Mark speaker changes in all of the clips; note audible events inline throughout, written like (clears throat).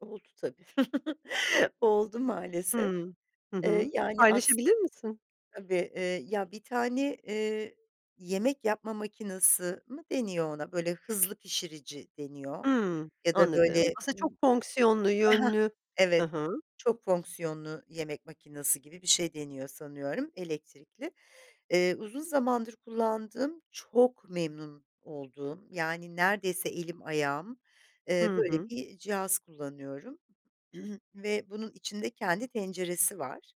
Speaker 1: Oldu tabi, (chuckles) oldu maalesef.
Speaker 2: Hıı. Hı
Speaker 1: Eee,
Speaker 2: hı.
Speaker 1: yani
Speaker 2: Paylaşabilir
Speaker 1: aslında
Speaker 2: misin?
Speaker 1: Tabii, iii, ya bir tane, eee, yemek yapma makinesi mı deniyor ona? Böyle hızlı pişirici deniyor
Speaker 2: Hımm.
Speaker 1: ya da
Speaker 2: Anladım.
Speaker 1: böyle,
Speaker 2: Aslında çok
Speaker 1: ımm,
Speaker 2: fonksiyonlu,
Speaker 1: he he,
Speaker 2: yönlü. Hı
Speaker 1: evet
Speaker 2: hı.
Speaker 1: çok fonksiyonlu yemek makinesi gibi bir şey deniyor sanıyorum elektrikli. Eee, uzun zamandır kullandığım ,çok memnun olduğum, yani, neredeyse elim ayağım, eee,
Speaker 2: Hı
Speaker 1: böyle
Speaker 2: hı.
Speaker 1: bir cihaz kullanıyorum (clears throat) ve bunun içinde kendi tenceresi var.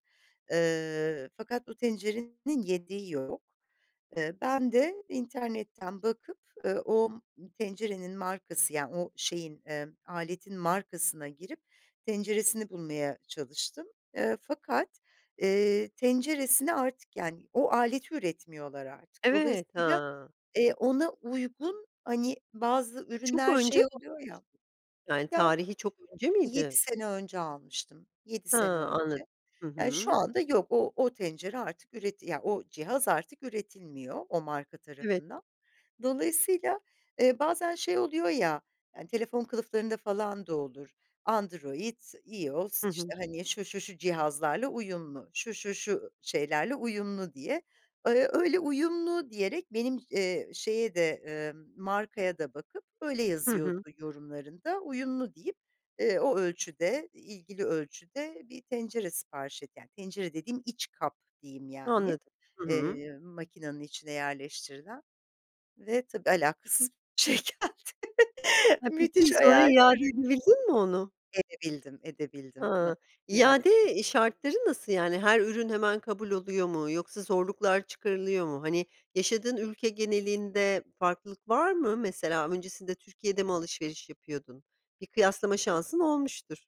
Speaker 1: Iıı, fakat o tencerenin yediği yok. Eee, ben de internetten bakıp, eee, o tencerenin markası yani o şeyin, eee, aletin markasına girip tenceresini bulmaya çalıştım. Eee, fakat, eee, tenceresine artık yani o aleti üretmiyorlar artık.
Speaker 2: Evet,
Speaker 1: Dolayısıyla,
Speaker 2: ha.
Speaker 1: eee, ona uygun, hani bazı
Speaker 2: Çok
Speaker 1: ürünler
Speaker 2: önce mi
Speaker 1: şey oluyor ya.
Speaker 2: almıştın? Yani,
Speaker 1: Ya
Speaker 2: tarihi çok önce
Speaker 1: 7
Speaker 2: miydi?
Speaker 1: sene önce almıştım, 7
Speaker 2: He,
Speaker 1: sene
Speaker 2: anladım.
Speaker 1: önce.
Speaker 2: Hı
Speaker 1: Yani, şu
Speaker 2: hı.
Speaker 1: anda yok o o tencere artık üreti ya, o cihaz artık üretilmiyor, o marka
Speaker 2: Evet.
Speaker 1: tarafından. Dolayısıyla, eee, bazen şey oluyor ya; eee, telefon kılıflarında falan da olur. Android, IOS
Speaker 2: Hı hı.
Speaker 1: işte, hani şu, şu, şu cihazlarla uyumlu, şu, şu, şu şeylerle uyumlu diye. Iıı, öyle uyumlu diyerek benim, eee, şeye de, eee, markaya da bakıp öyle
Speaker 2: Hı hı.
Speaker 1: yazıyordu yorumlarında uyumlu deyip, eee, o ölçüde, ilgili ölçüde bir tencere sipariş et Yani, tencere dediğim iç kap diyeyim yani,
Speaker 2: Anladım. Hı hı.
Speaker 1: eee, makinenin içine yerleştirilen ve tabii alakasız bir şey geldi.
Speaker 2: Ha, peki,
Speaker 1: Müthiş
Speaker 2: sonra
Speaker 1: hayal
Speaker 2: iade
Speaker 1: kırıklığı.
Speaker 2: edebildin mi onu?
Speaker 1: Edebildim, edebildim. (unintelligible)
Speaker 2: Hıı,
Speaker 1: İade.
Speaker 2: iade, iii, şartları nasıl? Yani, her ürün hemen kabul oluyor mu yoksa zorluklar çıkarılıyor mu? Hani, yaşadığın ülke genelinde farklılık var mı? Mesela, öncesinde Türkiye'de mi alışveriş yapıyordun? Bir kıyaslama şansın olmuştur.